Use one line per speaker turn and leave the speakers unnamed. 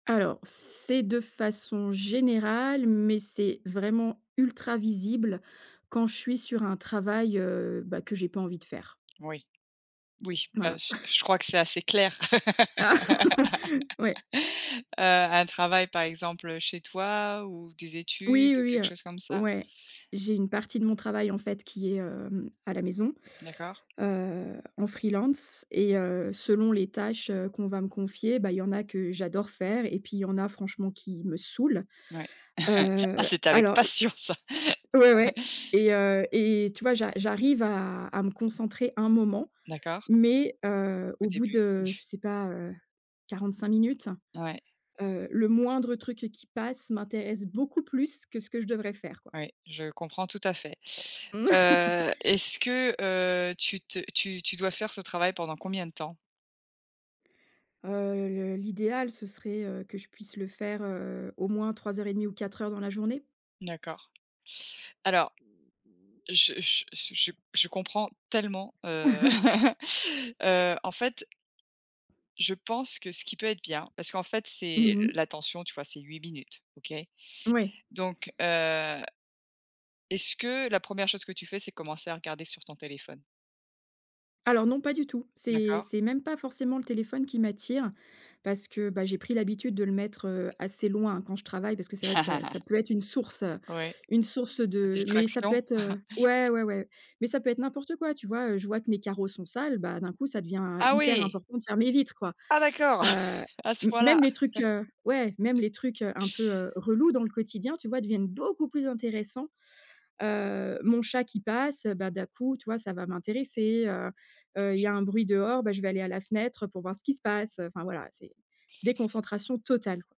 Alors, c'est de façon générale, mais c'est vraiment ultra visible quand je suis sur un travail, heu, bah que j'ai pas envie de faire.
Oui, oui, bah
Voilà.
je je crois que c'est assez clair.
Oui.
Heu, un travail, par exemple, heu, chez toi ou des
Oui,
études, ou
oui,
quelque
heu,
chose comme ça?
ouais, j'ai une partie de mon travail, en fait, qui est, hem, à la maison,
D'accord.
heu, en free-lance et heu, selon les tâches, heu, qu'on va me confier, bah il y en a que j'adore faire et puis il y en a franchement qui me saoulent.
Ouais, ah
Heu,
c'était avec
alors
passion ça.
ouais, ouais, et heu et tu vois j'a j'arrive à à me concentrer un moment,
D'accord.
mais, heu,
Au
au bout
début.
de, je sais pas, heu, 45 minutes,
Ouais.
heu, le moindre truc qui passe m'intéresse beaucoup plus que ce que je devrais faire, quoi.
Oui, je comprends tout à fait. Heu, est-ce que, heu, tu te tu tu dois faire ce travail pendant combien de temps?
Heu, le l'idéal, ce serait, heu, que je puisse le faire, heu, au moins 3 heures et demie ou 4 heures dans la journée.
D'accord. Alors, je je je je je comprends tellement, heu heu, en fait, je pense que ce qui peut être bien parce qu'en fait c'est
Mmh
le
mh.
l'attention, tu vois, c'est 8 minutes. OK?
Ouais.
Donc heu, est-ce que la 1re chose que tu fais c'est commencer à regarder sur ton téléphone?
Alors non, pas du tout. C'est
D'accord.
c'est même pas forcément le téléphone qui m'attire, parce que, bah, j'ai pris l'habitude de le mettre, heu, assez loin quand je travaille parce que c'est vrai que ça ça peut être une source, heu,
Oui.
une source
La
de mais ça peut
distraction.
être, heu ouais, ouais, ouais. Mais ça peut être n'importe quoi, tu vois, heu, je vois que mes carreaux sont sales, bah d'un coup, ça devient, heu,
Ah
hyper
oui!
important de faire mes vitres, quoi.
Ah d'accord!
Heu,
A ce point-là?
même les trucs, heu ouais, même les trucs, heu, un peu, heu, relous dans le quotidien, tu vois, deviennent beaucoup plus intéressants. Heu, mon chat qui passe, bah, d'un coup, tu vois, ça va m'intéresser, heu heu, il y a un bruit dehors, bah je vais aller à la fenêtre, heu, pour voir ce qui se passe, heu enfin voilà, c'est déconcentration totale.